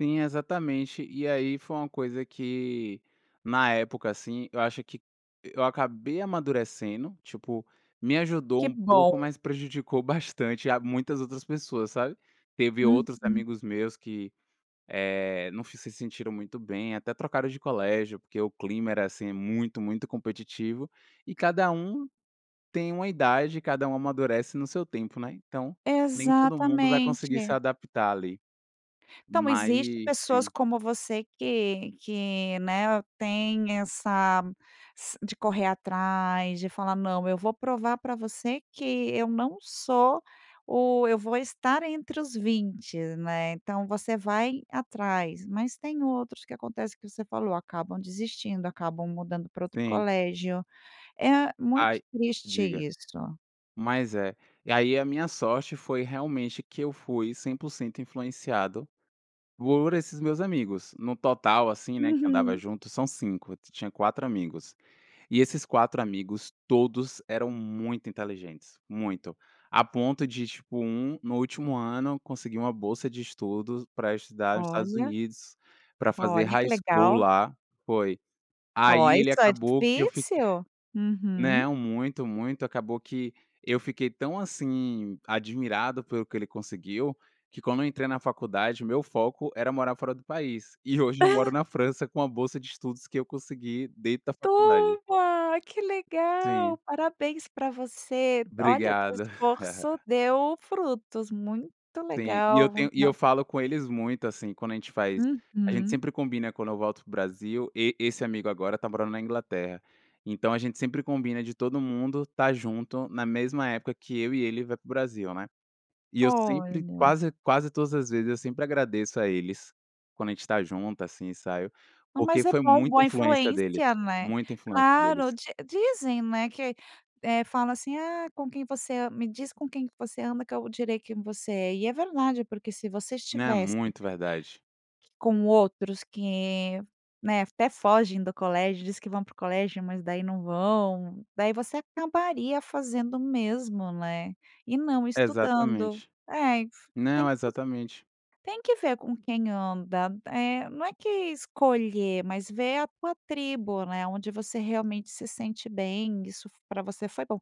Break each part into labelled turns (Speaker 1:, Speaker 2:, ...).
Speaker 1: Sim, exatamente. E aí foi uma coisa que, na época, assim, eu acho que eu acabei amadurecendo, tipo me ajudou
Speaker 2: Que
Speaker 1: um pouco,
Speaker 2: bom.
Speaker 1: mas prejudicou bastante a muitas outras pessoas, sabe. Teve outros
Speaker 2: Uhum.
Speaker 1: amigos meus que, eh, não se se sentiram muito bem, até trocaram de colégio porque o clima era assim muito muito competitivo e cada um tem uma idade, cada um amadurece no seu tempo, né. Então, nem todo mundo vai conseguir se
Speaker 2: Exatamente.
Speaker 1: adaptar ali.
Speaker 2: Então,
Speaker 1: Mas
Speaker 2: existe pessoas
Speaker 1: Sim.
Speaker 2: como você que que, né, tem essa s de correr atrás, de falar: "Não, eu vou provar pra você que eu não sou o eu vou estar entre os 20," né. Então, você vai atrás, mas tem outros que acontece que você falou: acabam desistindo, acabam mudando para outro
Speaker 1: Sim.
Speaker 2: colégio. É muito
Speaker 1: Aí
Speaker 2: triste
Speaker 1: diga.
Speaker 2: isso.
Speaker 1: Mas é. E aí a minha sorte foi realmente que eu fui 100% influenciado por esses meus amigos, no total assim, né, que andava
Speaker 2: Uhum.
Speaker 1: junto são 5, ti tinha 4 amigos e esses 4 amigos, todos eram muito inteligentes, muito, a ponto de tipo um, no último ano, conseguir uma bolsa de estudos pra estudar nos Estados
Speaker 2: Olha.
Speaker 1: Unidos, pra fazer
Speaker 2: Olha, que
Speaker 1: High School
Speaker 2: legal.
Speaker 1: lá foi
Speaker 2: Ó,
Speaker 1: aí ele
Speaker 2: isso é
Speaker 1: acabou que eu fui que
Speaker 2: difícil. Uhum.
Speaker 1: Não, muito, muito. Acabou que eu fiquei tão assim, admirado pelo que ele conseguiu, que quando eu entrei na faculdade, o meu foco era morar fora do país. E, hoje, eu moro na França com a bolsa de estudos que eu consegui dentro da
Speaker 2: Tu?
Speaker 1: faculdade.
Speaker 2: Ai, que
Speaker 1: Sim.
Speaker 2: legal! Parabéns pra você. Olha o teu
Speaker 1: Obrigada.
Speaker 2: esforço deu frutos. Muito
Speaker 1: Sim, e eu
Speaker 2: legal.
Speaker 1: tenho e eu
Speaker 2: [unintelligible]
Speaker 1: falo com eles muito assim. Quando a gente faz a gente
Speaker 2: Uhum.
Speaker 1: sempre combina quando eu volto para o Brasil e esse amigo agora está morando na Inglaterra. Então, a gente sempre combina de todo mundo estar junto na mesma época que eu e ele vai para o Brasil, né. E eu sempre,
Speaker 2: Olha.
Speaker 1: quase quase todas as vezes eu sempre agradeço a eles, quando a gente está junto assim, sabe, porque
Speaker 2: Mas é
Speaker 1: foi
Speaker 2: bom,
Speaker 1: muita
Speaker 2: boa
Speaker 1: influência deles,
Speaker 2: influência, né.
Speaker 1: muita influência
Speaker 2: Claro,
Speaker 1: deles.
Speaker 2: di dizem, né que eh, fala assim: "Ah, com quem você an me diz com quem que você anda, que eu direi quem você é". E é verdade, porque se você
Speaker 1: Não, é
Speaker 2: estivesse
Speaker 1: muito verdade.
Speaker 2: com outros que, né, até fogem do colégio, diz que vão para o colégio, mas daí não vão. Daí você acabaria fazendo o mesmo, né, e não estudando.
Speaker 1: Exatamente.
Speaker 2: É, e f tem
Speaker 1: Não,
Speaker 2: que esc
Speaker 1: exatamente.
Speaker 2: tem que ver com quem anda eh, não é que escolher, mas ver a tua tribo, né. Onde você realmente se sente bem. Isso f pra você foi bom.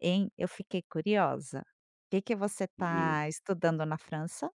Speaker 2: Hein, eu fiquei curiosa: que que você
Speaker 1: Diga.
Speaker 2: está estudando na França?